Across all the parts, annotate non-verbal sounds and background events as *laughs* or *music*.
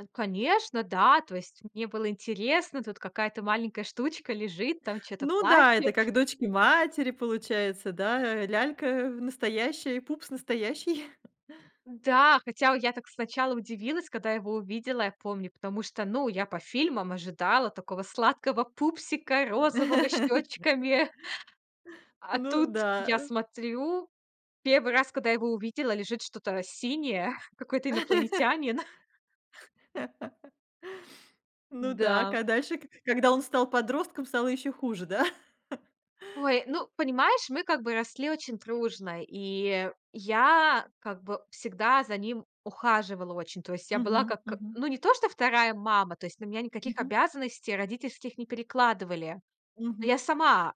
Э, конечно, да. То есть, мне было интересно. Тут какая-то маленькая штучка лежит, там чё-то Ну да, это плачет. как дочки-матери получается, да? Э, лялька настоящая и пупс настоящий. *chuckles* Н-да. Хотя у я так сначала удивилась, когда его увидела, я помню. Потому что, ну, я по фильмам ожидала такого сладкого пупсика розового с *laughs* щечками. А Ну тут да, я э. смотрю, 1 раз, когда я его увидела, лежит что-то синее, какой-то *laughs* инопланетянин. *laughs* Ну так, Да. а дальше, ка когда он стал подростком, стало ещё хуже, да? *laughs* Ой, ну, понимаешь, мы как бы росли очень дружно. И я как бы всегда за ним ухаживала очень. То есть, я была Мгм. как, э, Мгм. ну, не то, что вторая мама. То есть, на меня никаких Мгм. обязанностей родительских не перекладывали. Ну, Мгм. я сама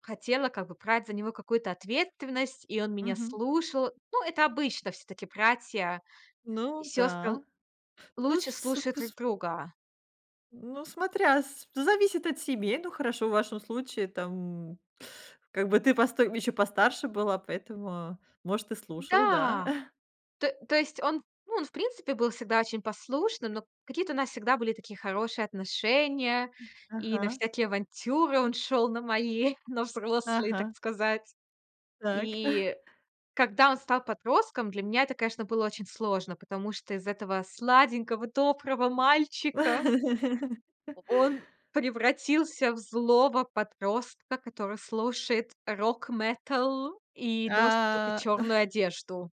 хотела как бы брать за него какую-то ответственность, и он меня Мгм. слушал. Ну, это обычно всё-таки братья и Ну сёстры л да, ну, с лучше вс су слушают друг кус друга. Ну, смотря с зависит от семей. Ну, хорошо, в вашем случае там, как бы, ты постой м, еще постарше была, поэтому, может, и слушал, да. М-да. *chuckles* То то есть он, ну, он, в принципе, был всегда очень послушным, но какие-то у нас всегда были такие хорошие отношения, М, и на ага. всякие авантюры он шел на мои, на взрослые, так Ага. сказать. Так. *chuckles* И когда он стал подростком, для меня это, конечно, было очень сложно, потому что из этого сладенького доброго мальчика *laughs* О он превратился в злого подростка, который слушает рок-метал и носит тока А. чёрную *chuckles* одежду.